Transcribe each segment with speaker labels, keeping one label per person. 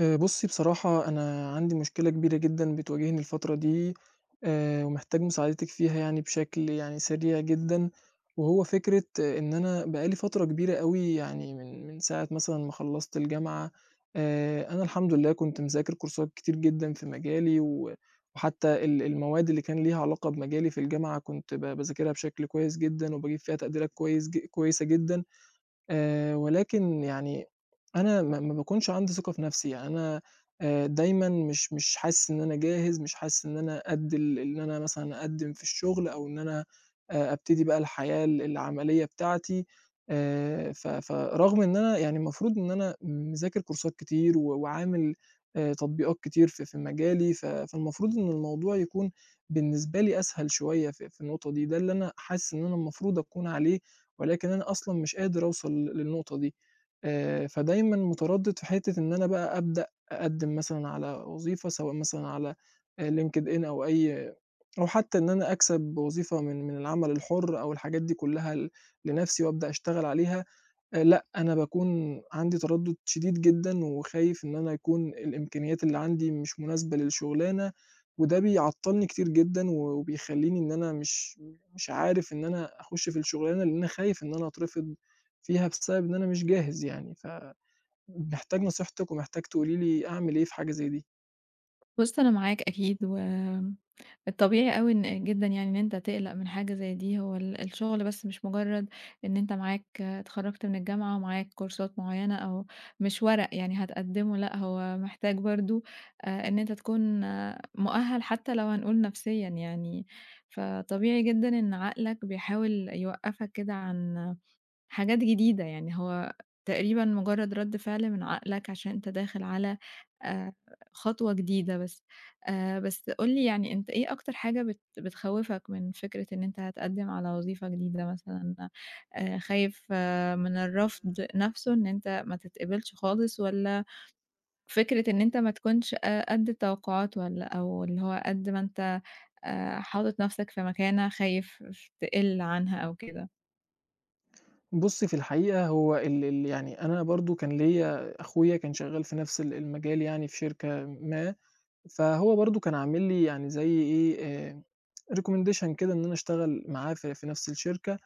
Speaker 1: آآ، بُصِّي، بصراحة، أنا عندي مشكلة كبيرة جدًا بتواجهني الفترة دي، آآ، ومحتاج مساعدتِك فيها يعني بشكل يعني سريع جدًا. وهو فكرة إن أنا بقى لي فترة كبيرة أوي، يعني من من ساعة مثلًا ما خلَّصت الجامعة، آآ، أنا الحمد لله، كنت مذاكر كورسات كتير جدًا في مجالي، و وحتى ال المواد اللي كان ليها علاقة بمجالي في الجامعة، كنت ب باذاكرها بشكل كويس جدًا، وباجيب فيها تقديرات كويس ج كويسة جدًا. آآ، ولكن يعني أنا ما ما باكونش عندي ثقة في نفسي، يعني أنا آآ، دايمًا مش مش حاسِس إن أنا جاهز، مش حاسِس إن أنا قد ال إن أنا مثلًا أقدِّم في الشغل، أو إن أنا آآ، أبتدي بقى الحياة ال العملية بتاعتي. آآ، ف فرغم إن أنا يعني، المفروض إن أنا مذاكر كورسات كتير، و وعامل آآ، تطبيقات كتير في في مجالي، ف فالمفروض إن الموضوع يكون بالنسبة لي أسهل شوية في في النقطة دي. ده اللي أنا حاسِس إن أنا المفروض أكون عليه، ولكن أنا أصلًا مش قادر أوصَل للنقطة دي. آآ، فدايمًا متردِّد في حتة إن أنا بقى أبدأ أقدِّم مثلًا على وظيفة، سواء مثلًا على آآ، LinkedIn، أو أي أو حتى إن أنا أكسب وظيفة من من العمل الحُر، أو الحاجات دي كلَّها ل لنفسي، وأبدأ أشتغل عليها. آآ، لأ، أنا باكون عندي تردُّد شديد جدًا، وخايف إن أنا يكون الإمكانيات اللي عندي مش مناسبة للشغلانة. وده بيعطِّلني كتير جدًا، و وبيخلِّيني إن أنا مش مش عارف إن أنا أخُش في الشغلانة، لأن أنا خايف إن أنا أترفض فيها بسبب إن أنا مش جاهز يعني. فمحتاج نصيحتِك، ومحتاج تقولي لي أعمل إيه في حاجة زي دي.
Speaker 2: بُص، أنا معاك أكيد، والطبيعي أوي إن جدًا يعني، إن أنت تقلق من حاجة زي دي. هو ال الشغل بس مش مجرَّد إن أنت معاك اتخرَّجت من الجامعة ومعاك كورسات معيَّنة، أو مش ورق يعني هتقدِّمه. لأ، هو محتاج برضه آآ، إن أنت تكون مؤهَّل حتى لو هنقول نفسيًا يعني. فطبيعي جدًا إن عقلك بيحاول يوقّفك كده عن حاجات جديدة يعني، هو تقريبًا مجرَّد رد فعل من عقلك، عشان أنت داخل على آآ، خطوة جديدة بس. آآ، بس قُل لي يعني أنت إيه أكتر حاجة بت بتخوِّفك من فكرة إن أنت هتقدِّم على وظيفة جديدة مثلًا؟ آآ، خايف من الرفض نفسه، إن أنت ما تتقبَّلش خالص، والّا فكرة إن أنت ما تكونش، آآ، قد التوقُّعات، والّا أو اللي هو قد ما أنت، آآ، حاطِّط نفسك في مكانة، خايف تقِل عنها أو كده؟
Speaker 1: بُصّي، في الحقيقة هو إن إن يعني أنا برضه كان ليّا أخويا كان شغّال في نَفْس ال المجال يعني في شركة ما، فهو برضه كان عامل لي يعني زي إيه، آآ recommendation كده إن أنا أشتغل معاه في في نَفْس الشركة،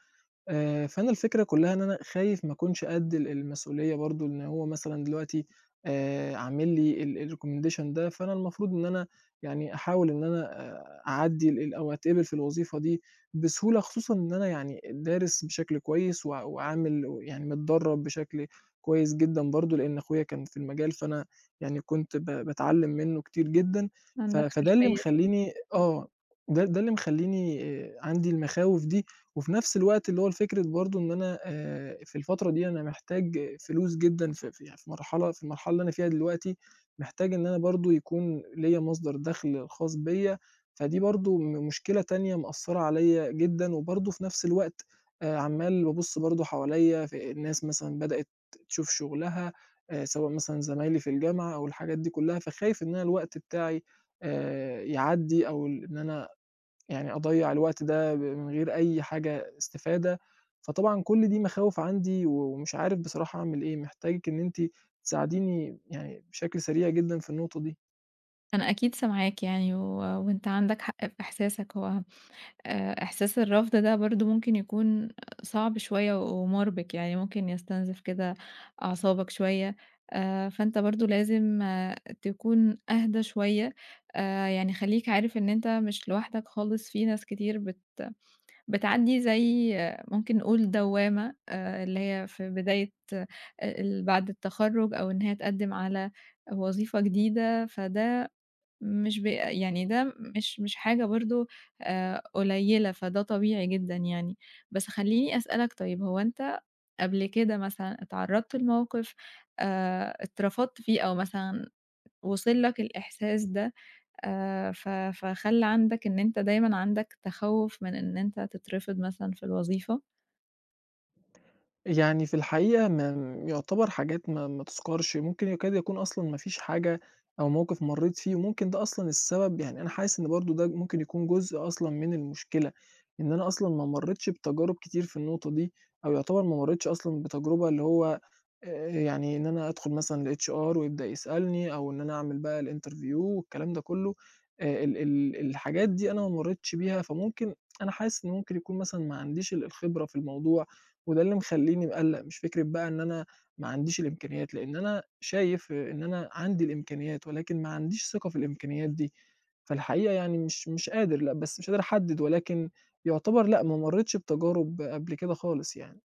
Speaker 1: آآ فأنا الفكرة كُلّها إن أنا خايف ما كُنش قد ال المسؤولية برضه إن هو مثلًا دلوقتي آآ عامل لي ال الrecommendation ده، فأنا المفروض إن أنا يعني أحاول إن أنا آآ أعدِّي ال أو أتقِبِل في الوظيفة دي بسهولة خصوصًا إن أنا يعني دارِس بشكل كويس و وعامل و يعني متدرَّب بشكل كويس جدًا برضه لإن أخويا كان في المجال، فأنا يعني كنت ب باتعلِّم منّه كتير جدًا، ف
Speaker 2: عندك
Speaker 1: فده اللي
Speaker 2: خلفيّة كده.
Speaker 1: مخلّيني آه، ده ده اللي مخلّيني آآ عندي المخاوف دي وفي نَفْس الوقت اللي هو الفكرة برضه إن أنا آآ في الفترة دي أنا محتاج فلوس جدًا ف في يع في مرحلة في المرحلة اللي أنا فيها دلوقتي محتاج إن أنا برضه يكون ليّا مصدر دَخْل خاص بيّا، فدي برضه م مشكلة تانية مأثَّرة عليّا جدًا وبرضه في نَفْس الوقت آآ عَمّال بابُص برضه حواليّا في الناس مثلًا بدأت تشوف شُغلها آآ سواء مثلًا زمايلي في الجامعة أو الحاجات دي كُلّها، فخايف إن أنا الوقت بتاعي آآ يعدّي أو ال إن أنا يعني أضيَّع الوقت ده ب من غير أي حاجة استفادة، فطبعًا كل دي مخاوِف عندي و ومش عارِف بصراحة أعمل إيه، محتاجِك إن أنتِ تساعديني يعني بشكل سريع جدًا في النقطة دي.
Speaker 2: أنا أكيد سامعاك يعني و وأنت عندك حق في إحساسك، هو آآ إحساس الرفض ده برضه ممكن يكون صعب شوية و ومُربِك، يعني ممكن يستنزف كده أعصابك شوية، آآ فأنت برضه لازم تكون أهدى شوية، آآ يعني خلّيك عارف إن أنت مش لوحدك خالِص في ناس كتير بت بتعدّي زي ممكن نقول دوّامة آآ اللي هي في بداية آآ ال بعد التخرُّج أو إن هي تقدِّم على وظيفة جديدة، فده مش بي يعني ده مش مش حاجة برضه آآ قليّلة، فده طبيعي جدًا يعني. بس خلّيني أسألك طيب هو أنت قبل كده مثلًا اتعرَّضت لموقِف آآ اترفضت فيه أو مثلًا وصل لك الإحساس ده آآ ف فخلّي عندك إن أنت دايمًا عندك تخوُّف من إن أنت تترفِض مثلًا في الوظيفة؟
Speaker 1: يعني في الحقيقة ما م يُعتبَر حاجات ما ما تُذكَرش، ممكن يكاد يكون أصلًا ما فيش حاجة أو موقِف مرّيت فيه، وممكن ده أصلًا السبب يعني أنا حاسس إن برضه ده ممكن يكون جزء أصلًا من المشكلة، إن أنا أصلًا ما مرّيتش بتجارُب كتير في النقطة دي أو يُعتبَر ما مرّيتش أصلًا بتجربة اللي هو آآ يعني إن أنا أدخُل مثلًا لHR ويبدأ يسألني أو إن أنا أعمل بقى الInterview والكلام ده كلّه آآ، ال ال الحاجات دي أنا ما مرّيتش بيها فممكن، أنا حاسس إن ممكن يكون مثلًا ما عنديش ال الخبرة في الموضوع وده اللي مخلّيني مقلّق، مش فكرة بقى إن أنا ما عنديش الإمكانيات لإن أنا شايف إن أنا عندي الإمكانيات ولكن ما عنديش ثِقة في الإمكانيّات دي فالحقيقة يعني مش مش قادر لأ، بس مش قادر أحدّد ولكن يُعتبَر لأ، ما مرّيتش بتجارُب قبل كده خالص يعني.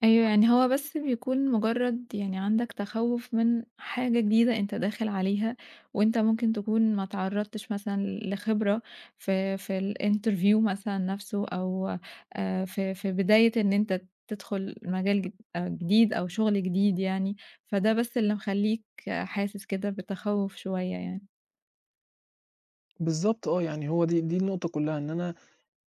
Speaker 2: أيوه، يعني هو بس بيكون مجرّد يعني عندك تخوّف من حاجة جديدة أنت داخل عليها وأنت ممكن تكُون ما إتعرّضتش مثلًا ل لخبرة في في الInterview مثلًا نَفْسه أو آآ في في بداية إن أنت تدخُل مجال جد آآ جديد أو شُغل جديد يعني، فده بس اللي مخلّيك حاسس كده بتتخوّف شوية يعني.
Speaker 1: بالضبط آه، يعني هو دي دي النقطة كلّها إن أنا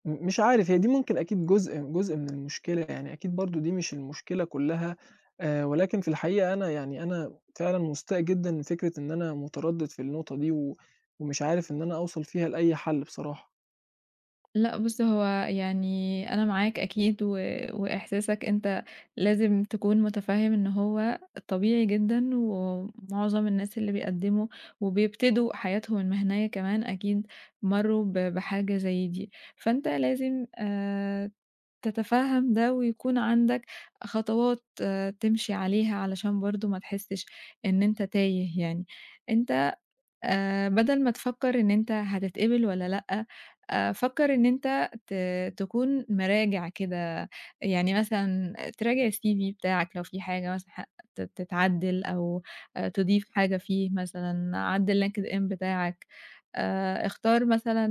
Speaker 1: م مش عارف هي دي ممكن أكيد جزء جزء من المشكلة يعني، أكيد برضه دي مش المشكلة كلّها آآ، ولكن في الحقيقة أنا يعني أنا فعلًا مستاء جدًا من فكرة إن أنا متردِّد في النقطة دي و ومش عارف إن أنا أوصل فيها لأي حَل بصراحة.
Speaker 2: لأ بُصّ هو يعني أنا معاك أكيد و وإحساسك أنت لازم تكون متفهّم إن هو طبيعي جدًا ومُعظم الناس اللي بيقدّموا وبيبتدوا حياتهم المهنية كمان أكيد مرّوا ب بحاجة زي دي، فأنت لازم آآ، تتفهّم ده ويكون عندك خطوات تمشي عليها علشان برضه ما تحسّش إن أنت تايه يعني، أنت آآ، بدَل ما تفكّر إن أنت هتتقبل والّا لأ، آآ، فكّر إن أنت ت تكون مِراجِع كده يعني مثلًا تراجع الCV بتاعك لو في حاجة مثلًا ح ت تتعدِّل أو آآ، تضيف حاجة فيه مثلًا، عدِّل LinkedIn بتاعك آآ، اختار مثلًا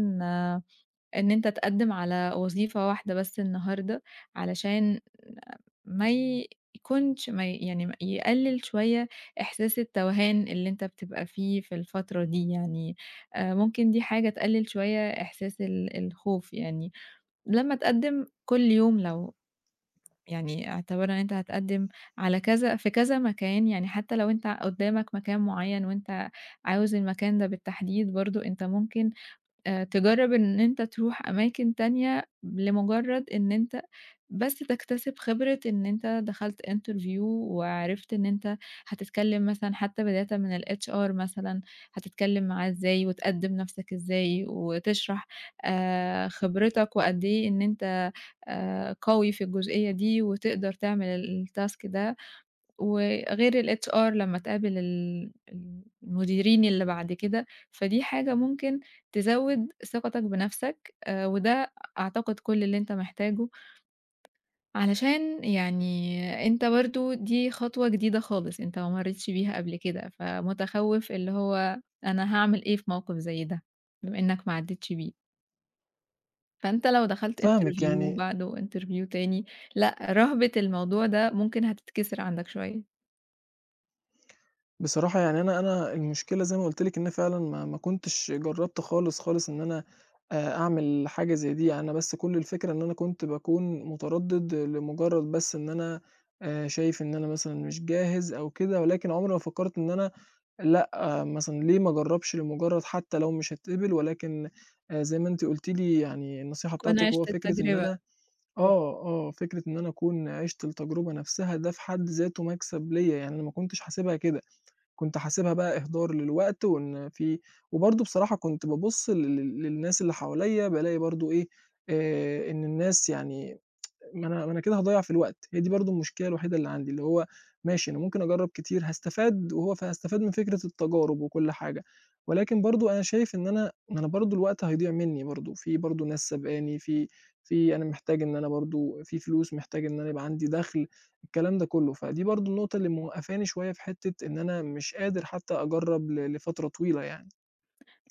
Speaker 2: إن أنت تقدّم على وظيفة واحدة بس النهارده علشان ما يكونش ما ي يعني يقلّل شوية إحساس التوهان اللي أنت بتبقى فيه في الفترة دي، يعني آآ، ممكن دي حاجة تقلّل شوية إحساس ال الخوف، يعني لمّا تقدّم كل يوم لو يعني اعتبرنا أنت هتقدّم على كذا في كذا مكان، يعني حتى لو أنت قدامك مكان معيّن وأنت عاوز المكان ده بالتحديد، برضه أنت ممكن آآ، تجرّب إن أنت ترُوح أماكن تانية لمجرّد إن أنت بس تكتسب خبرة إن أنت دخلت interview وعرِفت إن أنت هتتكلّم مثلًا حتى بدايةً من الHR مثلًا هتتكلّم معاه إزاي وتقدّم نَفْسك إزاي وتشرح آآ، خبرتك وقد إيه إن أنت آآ، قوي في الجُزئيّة دي وتقدر تعمل الtask ده وغير الHR لمّا تقابل ال ال المديرين اللي بعد كده، فدي حاجة ممكن تزوّد ثقتك بنَفْسك آآ، وده أعتقد كل اللي أنت محتاجه علشان يعني أنت برضه دي خطوة جديدة خالص، أنت ما مرّيتش بيها قبل كده فمتخوّف، اللي هو أنا هاعمل إيه في موقِف زي ده بما إنك ما عدّتش بيه. فأنت لو دخلت
Speaker 1: فاهمِك
Speaker 2: interview
Speaker 1: يعني
Speaker 2: بعده interview تاني لأ، رهبة الموضوع ده ممكن هتتكسر عندَك شوية.
Speaker 1: بصراحة يعني أنا أنا المشكلة زَي ما قُلت لِك إن فعلًا ما ما كنتش جرّبت خالص، خالص إن أنا أعمل حاجة زَي دي أنا بس كُلّ الفكرة إن أنا كنت باكون متردِّد لمجرّد بس إن أنا آآ، شايف إن أنا مثلًا مش جاهز أو كده ولكن عمري ما فكّرت إن أنا لأ، مثلًا ليه ما أجرّبش لمجرّد حتّى لو مش هاتقبل، ولكن زَي ما أنتِ قُلتِ لي يعني النصيحة
Speaker 2: تكون
Speaker 1: بتاعتِك هو
Speaker 2: عِشت
Speaker 1: فكرة إن
Speaker 2: التجربة.
Speaker 1: أنا آه، آه فكرة إن أنا أكون عِشت التجربة نفسها ده في حد ذاتُه مكسب ليّا يعني أنا ما كنتش حاسبها كده، كنت حاسبها بقى إهدار للوقت وإن في وبرضه بصراحة كنت بابُصّ لل لل للناس اللي حواليّا بالاقي برضه إيه آآ، إن الناس يعني ما أنا ما أنا كده هاضيّع في الوقت هي دي برضه المشكلة الوحيدة اللي عندي، اللي هو ماشي أنا ممكن أجرّب كتير هاستفاد وهو فهاستفاد من فكرة التجارب وكُلّ حاجة، ولكن برضه أنا شايف إن أنا ما أنا برضه الوقت هيضيع منّي برضه في برضه ناس سابقاني في في أنا محتاج إن أنا برضه في فلوس محتاج إن أنا يبقى عندي دخل، الكلام ده كُلّه فدي برضه النقطة اللي موقّفاني شوية في حتّة إن أنا مش قادر حتّى أجرّب ل لفترة طويلة يعني.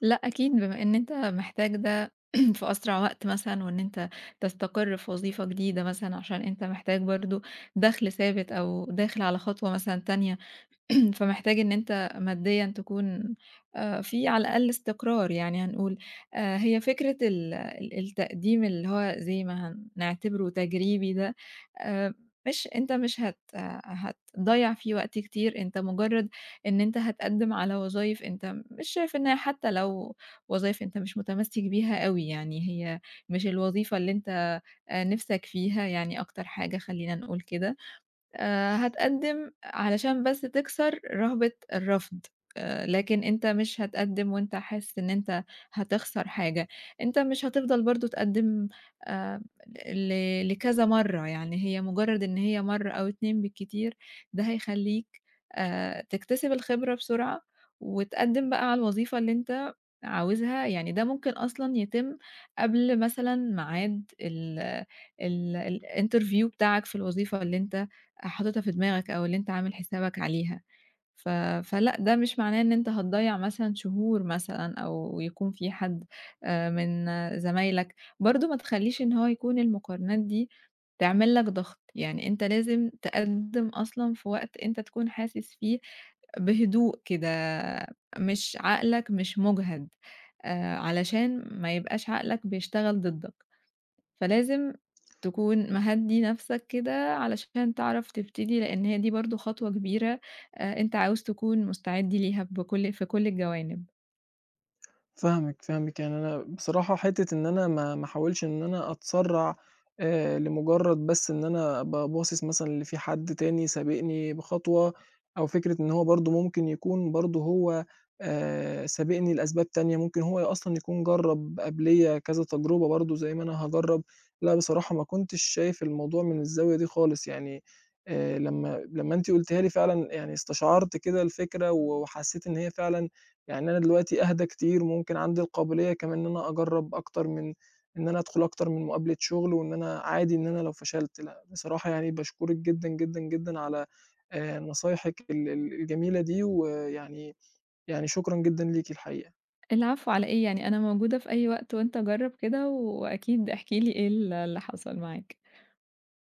Speaker 2: لأ أكيد، بما إن أنت محتاج ده في أسرع وقت مثلًا وإن أنت تستقر في وظيفة جديدة مثلًا، عشان أنت محتاج برضه دخل ثابت، أو داخل على خطوة مثلًا تانية فمحتاج إن أنت ماديًا تكون آآ، في على الأقل استقرار يعني هنقول آآ، هي فكرة ال ال التقديم اللي هو زَي ما هنعتبرُه تجريبي ده آآ، مش أنت مش هت هتضيّع فيه وقت كتير أنت مجرّد إن أنت هتقدّم على وظايف أنت مش شايف إن هي حتّى لو وظايف أنت مش متمسِّك بيها أوي يعني هي مش الوظيفة اللي أنت آآ، نِفسَك فيها يعني أكتر حاجة خلّينا نقول كده آآ، هتقدّم علشان بس تكسر رهبة الرفض آآ، لكن أنت مش هتقدّم وأنت حاسس إن أنت هتخسر حاجة، أنت مش هتفضل برضه تقدّم آآ، ل لكذا مرّه يعني هي مجرد إن هي مرّه أو اتنين بالكتير، ده هيخليك آآ، تكتسب الخبرة بسرعة وتقدّم بقى على الوظيفة اللي أنت عاوزها، يعني ده ممكن أصلًا يتم قبل مثلًا ميعاد ال ال ال الinterview بتاعَك في الوظيفة اللي أنت حاطتها في دماغَك أو اللي أنت عامل حسابك عليها، ف فلأ ده مش معناه إن أنت هتضيّع مثلًا شهور مثلًا أو يكون في حَدّ من زمايلك، برضه ما تخلّيش إن هو يكون المقارنات دي تعمل لَك ضغط يعني أنت لازم تقدِّم أصلًا في وقت أنت تكون حاسس فيه بهدوء كده، مش عقلَك مش مُجهد آآ، علشان ما يبقاش عقلَك بيشتغل ضدَّك، فلازم تكون مهدّي نَفسَك كده علشان تعرف تبتدي لأن هي دي برضه خطوة كبيرة آآ، أنت عاوز تكون مستعد ليها بكُلّ في كُلّ الجوانب.
Speaker 1: فاهمِك، فاهمِك يعني أنا بصراحة حتّة إن أنا ما ما أحاولش إن أنا أتسرّع آآ، لمجرّد بس إن أنا أبقى باصِص مثلًا اللي في حد تاني سابقني بخطوة، أو فكرة إن هو برضه ممكن يكون برضه هو آآ، سابقني لأسباب تانية ممكن هو أصلًا يكون جرّب قبليّا كذا تجربة برضه زَي ما أنا هاجرّب، لأ بصراحة ما كنتش شايف الموضوع من الزاوية دي خالص يعني آآ، لمّا لمّا أنتِ قُلتِها لي فعلًا يعني استشعرت كده الفكرة، و وحسّيت إن هي فعلًا يعني أنا دلوقتي أهدى كتير ممكن عندي القابلية كمان إن أنا أجرّب أكتر من إن أنا أدخل أكتر من مقابلة شغل وإن أنا عادي إن أنا لو فشلت، لأ بصراحة يعني باشكرك جدًا، جدًا، جدًا على آآ، نصايحِك ال ال الجميلة دي، ويعني يعني شكرًا جدًا ليكِ الحقيقة.
Speaker 2: العفو على إيه؟ يعني أنا موجودة في أي وقت، وأنت جرّب كده وأكيد احكِ لي إيه ال اللي حصل معاك.